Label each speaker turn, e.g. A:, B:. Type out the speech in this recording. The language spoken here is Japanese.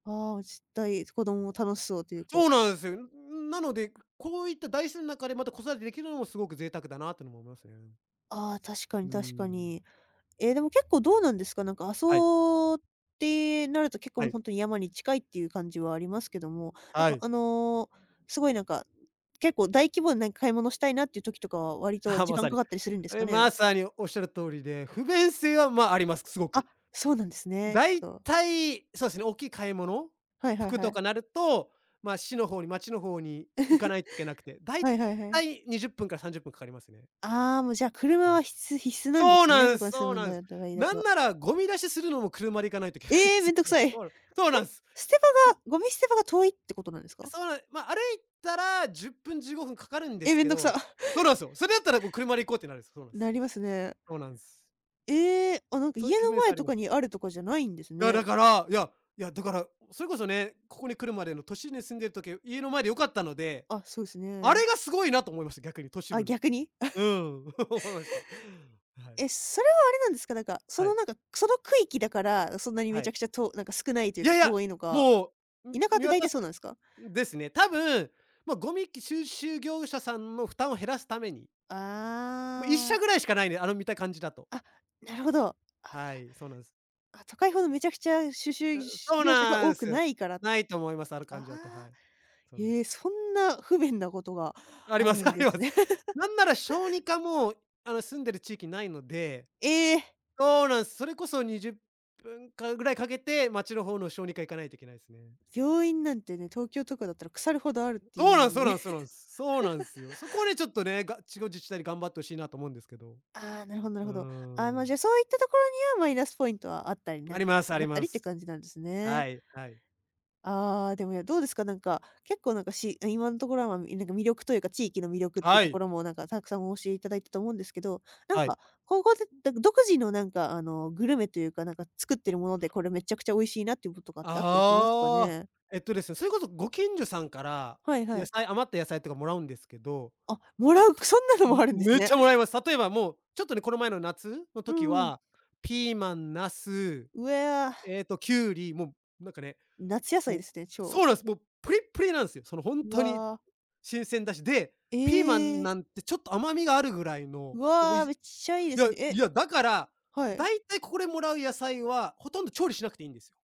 A: ああ、しったい、す子供も楽しそうというか。
B: そうなんですよ。ん、ん、なのでこういった大自然ん中でまた子育てできるのもすごく贅沢だなってのも思いますね。
A: ああ、確か
B: う
A: に
B: ー
A: 確か
B: ん。
A: に。ええでも結構どうなんですか。なんか、阿
B: はい。
A: 蘇ってなると、結構
B: は
A: もう
B: い。
A: 本当に山に近いっていう感じはありますけども、なん
B: は
A: か
B: い。
A: あの、すごいなんか、結構大規模な買い物したいなっていう時とかは、割と
B: あ、
A: 時
B: ま
A: 間
B: さ
A: か
B: に。
A: かったりするんです
B: あ、
A: か
B: い、
A: ね？
B: まさにおっしゃる通りで、不便性はまああります、すご
A: あ、
B: く。
A: そうなんですね。ち
B: 大
A: ょっと。
B: 体、そうすね、大きい買い物、
A: はいはい
B: 服
A: は
B: と
A: い。
B: かなると、まあ、市の方に町の方に行かないといけなくて。大
A: はいはいはい。
B: 体20分から30分かかりますね。
A: ああ、もうじゃあ、車
B: は
A: は
B: い。
A: 必須必須なんで
B: そう
A: すね、
B: な
A: そ
B: ん
A: こ
B: す
A: に住
B: そう
A: むん
B: なん
A: だ
B: す。
A: とかいうんだ
B: なん
A: と。
B: なら、ゴミ出しするのも車で行かないといけない
A: え
B: で
A: え！
B: す
A: 面倒く
B: よね。
A: さい。
B: そ
A: え、
B: うなん、そうなんす。
A: 捨て
B: そ
A: 場が、ゴミ捨て場が遠いってことなんですか？
B: そうな、ま、歩いたら10分15分掛かるんで
A: え、
B: す
A: めん
B: け
A: どくさ。
B: ど。そうなんすよ。それだったらこう車で行こうってなるんです。そうなん
A: な
B: す。
A: りますね。
B: そうなんす。
A: ええ。あ、なんか
B: そういっ
A: 家
B: た不
A: の
B: 便性
A: 前
B: はあり
A: と
B: ます。
A: かにあるとかじゃないんです
B: ら、
A: ね。
B: だから、いや、いやだから、それこそね、ここに来るまでの都心に住んでる時は家の前で良かったので、
A: あ、そうです
B: あ
A: ね。
B: れがすごいなと思いました逆に都市
A: あ、
B: 部の。
A: 逆に
B: う ん、思いました。はい。
A: え、それはあれなんですか、なんか、そ
B: は
A: の
B: い。
A: なんか、くその区域だから、あ、そんなにめ
B: は
A: ちゃ
B: い。
A: くちゃとおなんか少ないという
B: い
A: か、
B: やいや、
A: 遠いのか。
B: もう、
A: 田
B: む、
A: 舎っ
B: 見
A: て大
B: 渡
A: 体
B: す
A: そう
B: か
A: なんすか？
B: ん、ですね。多分もうゴミき、収集業者さんの負担を減らすために。もういっ
A: あ
B: しゃ
A: あ。
B: ぐらいしか無いね、あの見た感じだと。
A: あ、なるほど。あ、だか
B: はい、そうなんです。
A: ら。あ、都会ほどめちゃくちゃ収
B: あ、
A: 集、し
B: そ
A: ゅう
B: う
A: 業者が
B: な
A: 多
B: ん
A: く
B: す。
A: ないから。あ
B: 無いと思います、ある感じだと、は
A: あ。
B: い。そうなんす。
A: へえ、そんな不便なことが
B: あり
A: あ
B: ま
A: る
B: す
A: ん
B: あ
A: で
B: りま
A: す
B: す。
A: ね。
B: なんなら小 児科も、あの、住んでる地域に無いので
A: ええ。
B: そうなんす。それこそ20分間ぐらいかけて街の方の小児科行かないといけないすね。
A: 病院なんてね、東京とかだったら腐るほどあるってい
B: そ
A: う
B: うな
A: ん
B: ん
A: の
B: すそう
A: に
B: な
A: ね。
B: んすそうなんす。す、そうなんすよ。そこはね、ちょっとね、が、地方自治体で頑張って欲しいなと思うんですけど。
A: ああ、なるほどなる
B: うー
A: ほど。ああ、まあ
B: ん。
A: じゃそういったところには、マイナスポイントはあったりな、
B: ありますあ
A: な
B: り
A: った
B: ま
A: りっていう
B: す。
A: 感じなんですね。
B: はいはい。
A: ああでも、や、どうですか、なんか、結構なんかし、あ、今んところはまあ、い、なんか、魅力というか、地域の魅力っていう
B: は
A: とこ
B: い。
A: ろもなんかたくさんお教え頂いたと思うんですけど、なん
B: はい。
A: か、ここで、だ、ど独自のなんかあの、グルメというか、なんか作ってるもので、これめっちゃくちゃ美味しいなっていうこととかってあったりしますか
B: ああ、
A: ね？
B: えっとですね、それこそご近所さんから、
A: はいは
B: 野
A: い。
B: 菜余った野菜とか貰うんですけど。はっつ、
A: あ、貰う。く、そんなのもあるん
B: む
A: です
B: めっ
A: ね。
B: ちゃ貰いま す。例えばもうちょっとね、この前の夏の
A: う
B: 時
A: んうん。
B: は、ピーマン、なす、
A: うえ、あ。
B: ええと、キュウリ、も、なんかね、
A: 夏野菜
B: も
A: で
B: う
A: すね、超。
B: そうなんすもう、ぷりっぷりなんですよ、その本
A: う
B: 当に
A: わ。
B: 新鮮だし。で、ピーマン
A: ええ。
B: なんてちょっと甘みがあるぐらいの
A: う
B: 美味し
A: わ、めっちゃいいで
B: いや
A: すね。え。
B: いやだから、
A: はい。
B: 大体ここで貰う野菜はほとんど調理しなくていいんですよ。